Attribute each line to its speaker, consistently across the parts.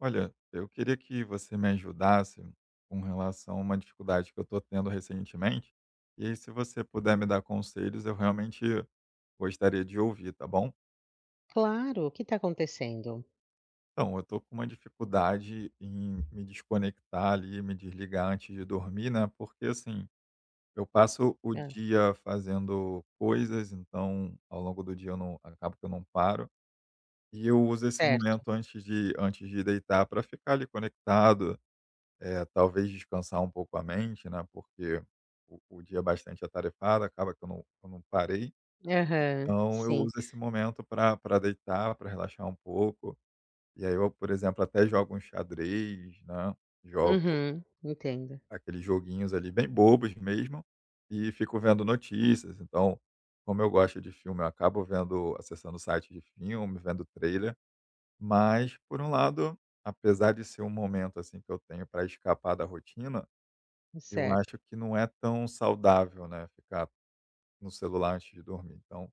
Speaker 1: Olha, eu queria que você me ajudasse com relação a uma dificuldade que eu tô tendo recentemente. E aí se você puder me dar conselhos, eu realmente gostaria de ouvir, tá bom?
Speaker 2: Claro, o que tá acontecendo?
Speaker 1: Então, eu tô com uma dificuldade em me desconectar ali, me desligar antes de dormir, né, porque assim, eu passo o
Speaker 2: Hã
Speaker 1: dia fazendo coisas, então ao longo do dia eu não acabo que eu não paro. E eu uso esse
Speaker 2: Certo
Speaker 1: momento antes de antes de deitar pra ficar ali conectado, eh, talvez descansar um pouco a mente, né. Porque o o dia é bastante atarefado, acaba que eu não eu não parei.
Speaker 2: Aham,
Speaker 1: então eu
Speaker 2: sim.
Speaker 1: uso esse momento pra pra deitar, pra relaxar um pouco. E aí eu, por exemplo, até jogo um xadrez, né, jogo
Speaker 2: Uhum, entendo.
Speaker 1: aqueles joguinhos ali bem bobos mesmo e fico vendo notícias. Então, como eu gosto de filme, eu acabo vendo acessando site de filme, vendo trailer. Mas, por um lado, apesar de ser um momento, assim, que eu tenho pra escapar da rotina, eu
Speaker 2: Certo.
Speaker 1: acho que não é tão saudável, né, ficar no celular antes de dormir. Então,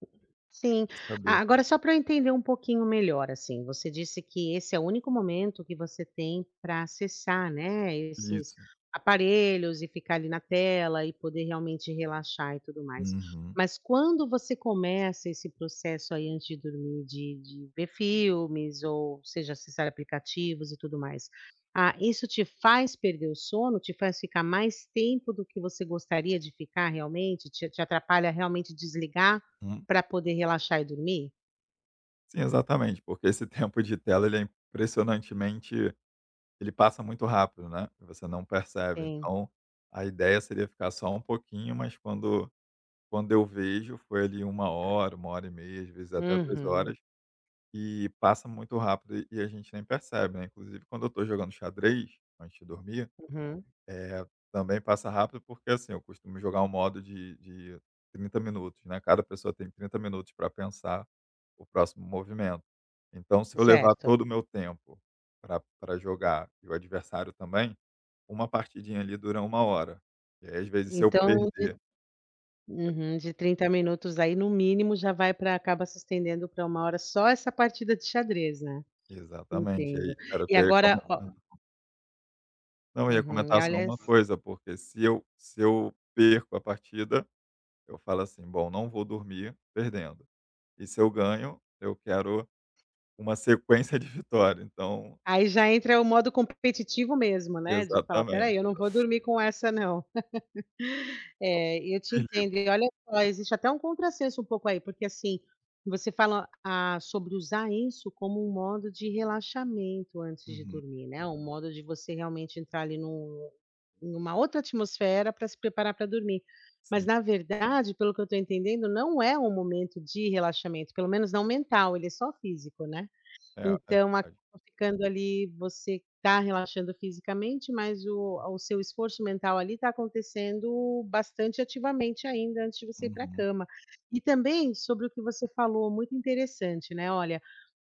Speaker 2: Sim,
Speaker 1: saber
Speaker 2: agora só pra eu entender um pouquinho melhor assim, você disse que esse é o único momento que você tem pra acessar, né, esses
Speaker 1: Isso.
Speaker 2: aparelhos e ficar ali na tela e poder realmente relaxar e tudo mais.
Speaker 1: Uhum.
Speaker 2: Mas quando você começa esse processo aí antes de dormir, de de ver filmes, ou seja acessar aplicativos e tudo mais, ah, isso te faz perder o sono? Te faz ficar mais tempo do que você gostaria de ficar realmente? Te te atrapalha realmente desligar
Speaker 1: Hum.
Speaker 2: pra poder relaxar e dormir?
Speaker 1: Sim, exatamente, porque esse tempo de tela ele é impressionantemente ele passa muito rápido, né, você não percebe.
Speaker 2: Sim.
Speaker 1: Então, a ideia seria ficar só um pouquinho, mas quando quando eu vejo, foi ali 1
Speaker 2: Ai.
Speaker 1: hora, 1h30, às vezes até 3
Speaker 2: Uhum.
Speaker 1: horas, e passa muito rápido e e a gente nem percebe, né. Inclusive quando eu estou jogando xadrez antes de dormir,
Speaker 2: Uhum.
Speaker 1: eh, também passa rápido, porque assim, eu costumo jogar um modo de de 30 minutos, né, cada pessoa tem 30 minutos para pensar o próximo movimento. Então se eu levar
Speaker 2: Certo.
Speaker 1: todo o meu tempo para para jogar e o adversário também, uma partidinha ali dura 1 hora. E aí às vezes se eu
Speaker 2: Então de
Speaker 1: perder [unintelligible]
Speaker 2: uhum, de 30 minutos aí no mínimo já vai para acaba se estendendo para 1 hora só essa partida de xadrez, né.
Speaker 1: Exatamente, aí
Speaker 2: Entendo.
Speaker 1: era o
Speaker 2: E
Speaker 1: que eu ia
Speaker 2: agora, ó-ó
Speaker 1: comentando. Não, eu ia
Speaker 2: Uhum, e
Speaker 1: comentar só
Speaker 2: aliás
Speaker 1: uma coisa, porque se eu se eu perco a partida, eu falo assim: "Bom, não vou dormir perdendo". E se eu ganho, eu quero uma sequência de vitória, então
Speaker 2: Aí já entra o modo competitivo mesmo, né, de falar: "Espera
Speaker 1: Exatamente.
Speaker 2: aí, eu não vou dormir com essa, não". É, eu te entendo.
Speaker 1: Desligo.
Speaker 2: E olha só, existe até um contrassenso um pouco aí, porque assim, você fala: "Ah, sobre usar isso como um modo de relaxamento antes de
Speaker 1: Uhum.
Speaker 2: dormir" né. Um modo de você realmente entrar ali no em uma outra atmosfera para se preparar para dormir. Mas
Speaker 1: Sim.
Speaker 2: na verdade, pelo que eu estou entendendo, não é um momento de relaxamento, pelo menos não mental, ele é só físico, né.
Speaker 1: É, é
Speaker 2: Então acaba
Speaker 1: verdade.
Speaker 2: ficando ali você está relaxando fisicamente, mas o a o seu esforço mental ali está acontecendo bastante ativamente ainda antes de você ir para
Speaker 1: Uhum.
Speaker 2: cama. E também sobre o que você falou, muito interessante, né, olha,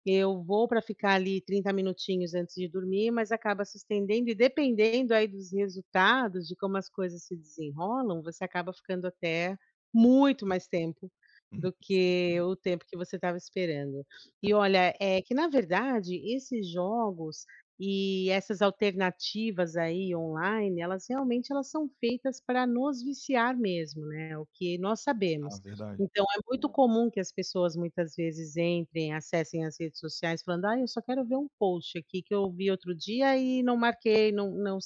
Speaker 2: eu vou para ficar ali 30 minutinhos antes de dormir, mas acaba se estendendo e dependendo aí dos resultados, de como as coisas se desenrolam, você acaba ficando até muito mais tempo
Speaker 1: Uhum,
Speaker 2: do
Speaker 1: sim.
Speaker 2: que o tempo que você estava esperando.
Speaker 1: É.
Speaker 2: E olha, é que na verdade, esses jogos e essas alternativas aí online, elas realmente elas são feitas para nos viciar mesmo, né, o que nós
Speaker 1: Ah,
Speaker 2: sabemos.
Speaker 1: verdade.
Speaker 2: Então, é muito comum que as pessoas muitas vezes entrem, acessem as redes sociais falando: "Ai, eu só quero ver um post aqui que eu vi outro dia e não marquei, não não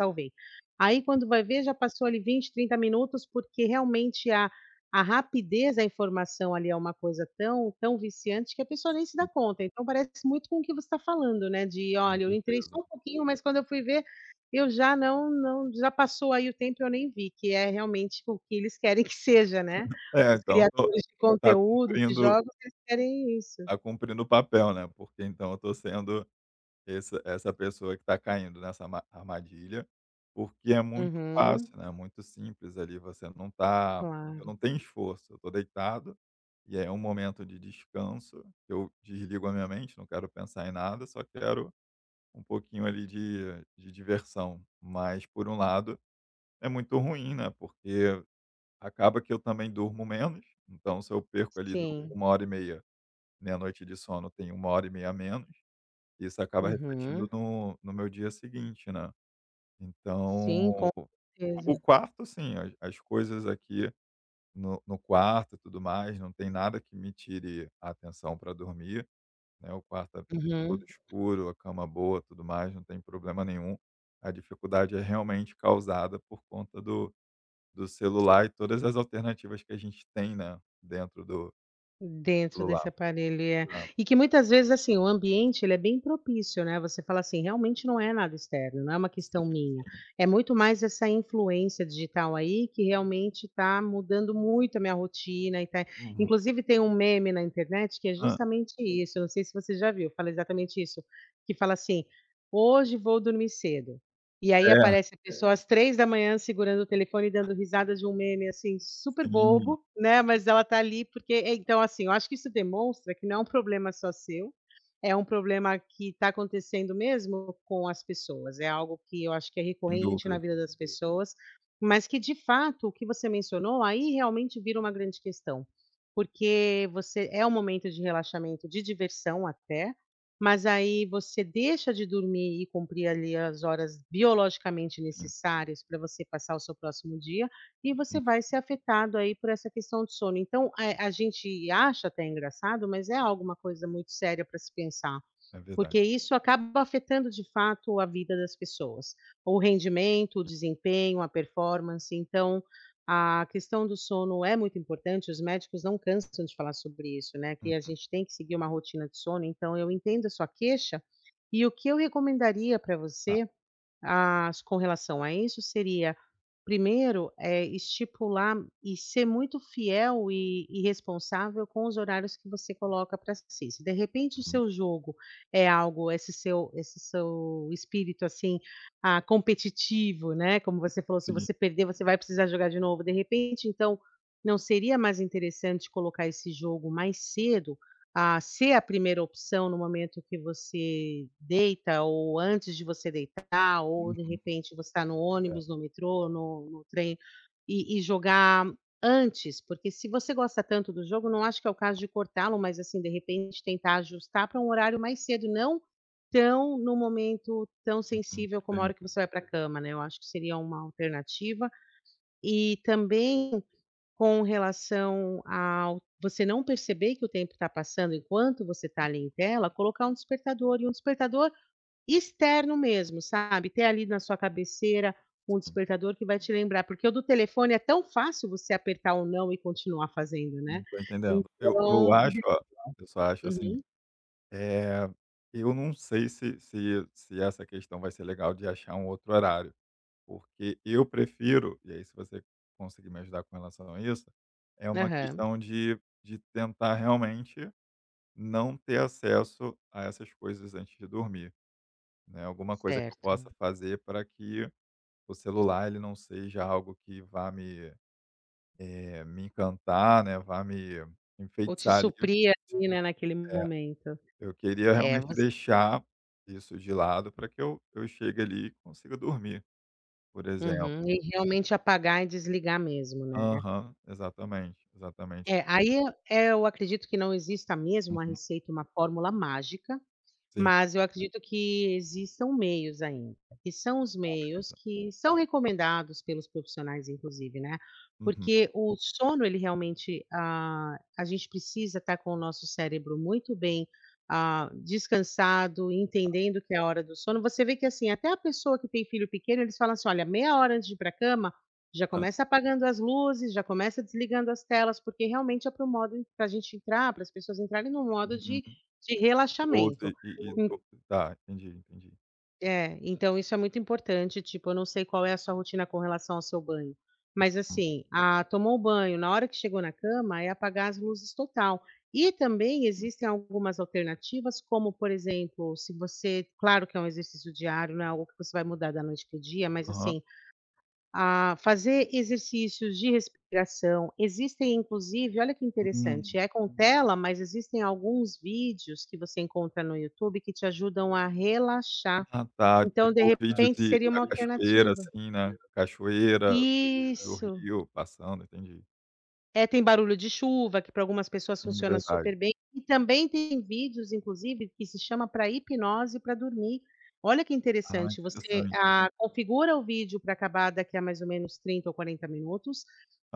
Speaker 2: salvei." Aí
Speaker 1: Uhum.
Speaker 2: quando vai ver já passou ali 20, 30 minutos, porque realmente a a rapidez da informação ali é uma coisa tão tão viciante, que a pessoa nem se dá
Speaker 1: Hum.
Speaker 2: conta. Então parece muito com o que você está falando, né, de:
Speaker 1: Com
Speaker 2: "Olha, eu entrei
Speaker 1: certeza.
Speaker 2: só um pouquinho, mas quando eu fui ver, eu já não não", já passou aí o tempo e eu nem vi, que é realmente o que eles querem que seja, né.
Speaker 1: É,
Speaker 2: Os
Speaker 1: então, estou
Speaker 2: criadores de
Speaker 1: está
Speaker 2: conteúdo, de
Speaker 1: cumprindo
Speaker 2: jogos, eles querem isso.
Speaker 1: tá cumprindo o papel, né, porque então eu estou sendo esse essa pessoa que está caindo nessa arma armadilha, porque é muito
Speaker 2: Uhum.
Speaker 1: fácil, né, é muito simples ali, você não está eu
Speaker 2: Claro.
Speaker 1: não tenho esforço, eu estou deitado e é um momento de descanso, eu desligo a minha mente, não quero pensar em nada, só quero um pouquinho ali de de diversão. Mas, por um lado, é muito ruim, né, porque acaba que eu também durmo menos. Então se eu perco ali du
Speaker 2: Sim.
Speaker 1: 1:30, minha noite de sono tem 1:30 a menos, isso acaba refletindo
Speaker 2: Uhum.
Speaker 1: no no meu dia seguinte, né.
Speaker 2: Sim,
Speaker 1: Então,
Speaker 2: com
Speaker 1: o
Speaker 2: certeza.
Speaker 1: quarto, sim, as, as coisas aqui no no quarto e tudo mais, não tem nada que me tire a atenção para dormir, né, o quarto é todo
Speaker 2: Uhum.
Speaker 1: escuro, a cama boa, tudo mais, não tem problema nenhum. A dificuldade é realmente causada por conta do do celular e todas as alternativas que a gente tem, né, dentro do do
Speaker 2: Dentro desse
Speaker 1: celular,
Speaker 2: aparelho, é.
Speaker 1: né.
Speaker 2: E que muitas vezes assim, o ambiente ele é bem propício, né. Você fala assim: "Realmente não é nada externo, não é uma questão
Speaker 1: Sim,
Speaker 2: minha,
Speaker 1: sim.
Speaker 2: é muito mais essa influência digital aí que realmente está mudando muito a minha rotina e está",
Speaker 1: Uhum.
Speaker 2: inclusive tem um meme na internet que é
Speaker 1: Hã?
Speaker 2: justamente isso, eu não sei se você já viu, fala exatamente isso, que fala assim: "Hoje vou dormir cedo". E aí
Speaker 1: É.
Speaker 2: aparece a pessoa às 3 segurando o telefone dando risada de um meme, assim, super
Speaker 1: Sim.
Speaker 2: bobo, né, mas ela tá ali porque é então assim, eu acho que isso demonstra que não é um problema só seu, é um problema que está acontecendo mesmo com as pessoas. É algo que eu acho que é
Speaker 1: Sem
Speaker 2: recorrente na
Speaker 1: dúvidas.
Speaker 2: vida das pessoas, mas que de fato, o que você mencionou aí realmente vira uma grande questão, porque você é um momento de relaxamento, de diversão até, mas aí você deixa de dormir e cumprir ali as horas biologicamente
Speaker 1: Sim.
Speaker 2: necessárias para você passar o seu próximo dia, e você
Speaker 1: Hum.
Speaker 2: vai ser afetado aí por essa questão de sono. Então, eh, a gente acha até engraçado, mas é alguma coisa muito séria para se pensar,
Speaker 1: É verdade.
Speaker 2: porque isso acaba afetando, de fato, a vida das pessoas, o rendimento, o desempenho, a performance. Então, a questão do sono é muito importante, os médicos não cansam de falar sobre isso, né, que a
Speaker 1: Uhum.
Speaker 2: gente tem que seguir uma rotina de sono, então eu entendo a sua queixa, e o que eu recomendaria para
Speaker 1: Tá.
Speaker 2: você, às com relação a isso, seria 1º, eh, estipular e ser muito fiel e e responsável com os horários que você coloca para si. Se de repente o
Speaker 1: Uhum.
Speaker 2: seu jogo é algo esse seu esse seu espírito assim, ah, competitivo, né, como você falou, se
Speaker 1: Sim.
Speaker 2: você perder, você vai precisar jogar de novo, de repente então, não seria mais interessante colocar esse jogo mais cedo, ah, ser a 1a opção no momento que você deita ou antes de você deitar, ou de
Speaker 1: Uhum.
Speaker 2: repente você está no
Speaker 1: É.
Speaker 2: ônibus, no metrô, no no trem, e e jogar antes, porque se você gosta tanto do jogo, não acho que é o caso de cortá-lo, mas assim, de repente, tentar ajustar para um horário mais cedo, não tão no momento tão
Speaker 1: Uhum.
Speaker 2: sensível como a hora que
Speaker 1: [unintelligible]
Speaker 2: você vai para cama, né. Eu acho que seria uma alternativa. E também com relação ao você não perceber que o tempo está passando enquanto você está ali em tela, colocar um despertador, e um despertador externo mesmo, sabe? Ter ali na sua cabeceira um
Speaker 1: Sim.
Speaker 2: despertador que vai te lembrar, porque o do telefone é tão fácil você apertar o não e continuar fazendo,
Speaker 1: Hum,
Speaker 2: né?
Speaker 1: estou entendendo. Eu
Speaker 2: Então
Speaker 1: eu acho,
Speaker 2: [unintelligible]
Speaker 1: olha, eu só acho assim,
Speaker 2: uhum.
Speaker 1: eh, eu não sei se se se essa questão vai ser legal de achar um outro horário, porque eu prefiro, e aí se você conseguir me ajudar com relação a isso, é uma
Speaker 2: Aham.
Speaker 1: questão de de tentar realmente não ter acesso a essas coisas antes de dormir, né. Alguma coisa que eu
Speaker 2: Certo.
Speaker 1: possa fazer para que o celular ele não seja algo que vá me, eh, me encantar, né, vá me
Speaker 2: Ou te
Speaker 1: enfeitiçar ali.
Speaker 2: suprir ali, né, naquele
Speaker 1: É,
Speaker 2: momento.
Speaker 1: eu queria
Speaker 2: É,
Speaker 1: realmente
Speaker 2: você
Speaker 1: deixar isso de lado para que eu que eu chegue ali e consiga dormir, por exemplo.
Speaker 2: Uhum, e realmente apagar e desligar mesmo, né.
Speaker 1: Aham, exatamente, exatamente.
Speaker 2: É, aí eu eu acredito que não exista mesmo uma
Speaker 1: Uhum.
Speaker 2: receita, uma fórmula mágica,
Speaker 1: Sim.
Speaker 2: mas eu acredito que existam meios ainda, que são os
Speaker 1: Tá,
Speaker 2: meios
Speaker 1: beleza.
Speaker 2: que são recomendados pelos profissionais, inclusive, né.
Speaker 1: Uhum.
Speaker 2: Porque o sono ele realmente, ah a gente precisa estar com o nosso cérebro muito bem, ah, descansado,
Speaker 1: Tá.
Speaker 2: entendendo que é a hora do sono. Você vê que assim, até a pessoa que tem filho pequeno, eles falam assim: "Olha, meia hora antes de ir para a cama, já
Speaker 1: Hã.
Speaker 2: começa apagando as luzes, já começa desligando as telas", porque realmente é para o modo para a gente entrar, para as pessoas entrarem em um modo
Speaker 1: Uhum.
Speaker 2: de de
Speaker 1: Ou
Speaker 2: relaxamento.
Speaker 1: de e e tá, entendi, entendi.
Speaker 2: É, então isso é muito importante. Tipo, eu não sei qual é a sua rotina com relação ao seu banho, mas
Speaker 1: Uhum.
Speaker 2: assim, ah, tomou banho, na hora que chegou na cama, é apagar as luzes total. E também
Speaker 1: Uhum.
Speaker 2: existem algumas alternativas, como por exemplo, se você claro que é um exercício diário, não é algo que você vai mudar da noite para o dia, mas
Speaker 1: Aham.
Speaker 2: assim, ah, fazer exercícios de respiração. Existem, inclusive olha que interessante,
Speaker 1: Uhum.
Speaker 2: é com tela, mas existem alguns vídeos que você encontra no YouTube que te ajudam a relaxar.
Speaker 1: Ah, tá.
Speaker 2: Então, de
Speaker 1: Tipo vídeo
Speaker 2: repente,
Speaker 1: de
Speaker 2: seria
Speaker 1: da
Speaker 2: uma
Speaker 1: cachoeira,
Speaker 2: alternativa
Speaker 1: assim, né, cachoeira, do
Speaker 2: Isso.
Speaker 1: rio passando, entendi.
Speaker 2: É, tem barulho de chuva, que pra algumas pessoas
Speaker 1: Sim,
Speaker 2: funciona
Speaker 1: verdade.
Speaker 2: super bem. E também tem vídeos, inclusive, que se chama pra hipnose pra dormir. Olha que
Speaker 1: Ah,
Speaker 2: interessante, você,
Speaker 1: interessante.
Speaker 2: ah, configura o vídeo pra acabar daqui a mais ou menos 30 ou 40 minutos,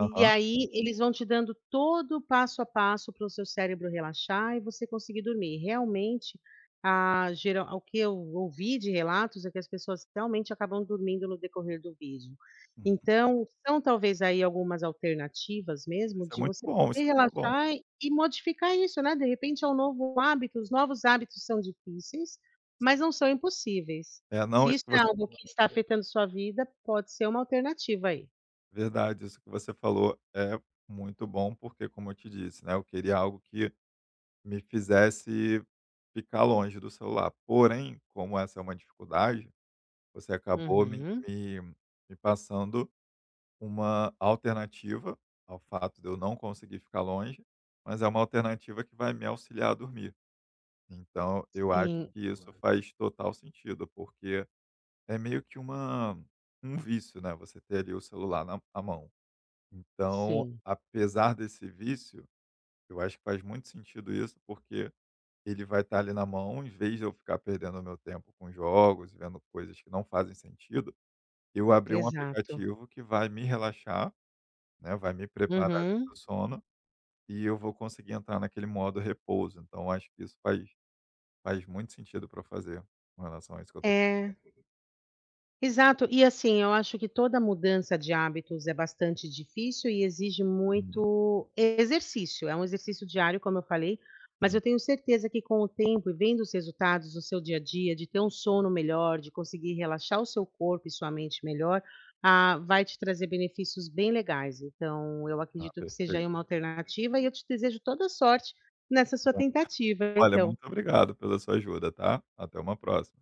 Speaker 2: e aí eles vão te dando todo o passo a passo para o seu cérebro relaxar e você conseguir dormir. Realmente, ah, gera o que eu ouvi de relatos é que as pessoas realmente acabam dormindo no decorrer do vídeo.
Speaker 1: Uhum.
Speaker 2: Então, são talvez aí algumas alternativas mesmo
Speaker 1: Isso é
Speaker 2: de
Speaker 1: muito
Speaker 2: você
Speaker 1: bom, isso
Speaker 2: poder
Speaker 1: é muito bom.
Speaker 2: relaxar e modificar isso, né? De repente, é um novo hábito. Os novos hábitos são difíceis,
Speaker 1: Sim.
Speaker 2: mas não são impossíveis.
Speaker 1: É, não,
Speaker 2: Se
Speaker 1: isso
Speaker 2: isso
Speaker 1: que
Speaker 2: é
Speaker 1: você fa
Speaker 2: algo que está afetando sua vida, pode ser uma alternativa aí.
Speaker 1: Verdade, isso que você falou é muito bom, porque como eu te disse, né, eu queria algo que me fizesse ficar longe do celular, porém, como essa é uma dificuldade, você acabou me
Speaker 2: Uhum.
Speaker 1: me me passando uma alternativa ao fato de eu não conseguir ficar longe, mas é uma alternativa que vai me auxiliar a dormir, então eu acho
Speaker 2: Sim.
Speaker 1: que isso faz total sentido, porque é meio que uma um vício, né, você ter ali o celular na à mão, então,
Speaker 2: Sim.
Speaker 1: apesar desse vício, eu acho que faz muito sentido isso, porque ele vai estar ali na mão, em vez de eu ficar perdendo o meu tempo com jogos e vendo coisas que não fazem sentido, eu abrir um
Speaker 2: Exato.
Speaker 1: aplicativo que vai me relaxar, né, vai me preparar para
Speaker 2: Uhum.
Speaker 1: o sono, e eu vou conseguir entrar naquele modo repouso, então acho que isso faz faz muito sentido para eu fazer com relação a isso que eu estou [unintelligible]
Speaker 2: É. Exato, e assim, eu acho que toda mudança de hábitos é bastante difícil e exige
Speaker 1: Uhum.
Speaker 2: muito exercício. É um exercício diário, como eu falei, mas
Speaker 1: Sim.
Speaker 2: eu tenho certeza que com o tempo e vendo os resultados no seu dia a dia, de ter um sono melhor, de conseguir relaxar o seu corpo e sua mente melhor, ah, vai te trazer benefícios bem legais, então eu
Speaker 1: Ah,
Speaker 2: acredito que seja,
Speaker 1: perfeito.
Speaker 2: aí, uma alternativa e eu te desejo toda sorte nessa sua tentativa,
Speaker 1: [unintelligible] olha,
Speaker 2: então.
Speaker 1: muito obrigado pela sua ajuda, tá, até uma próxima.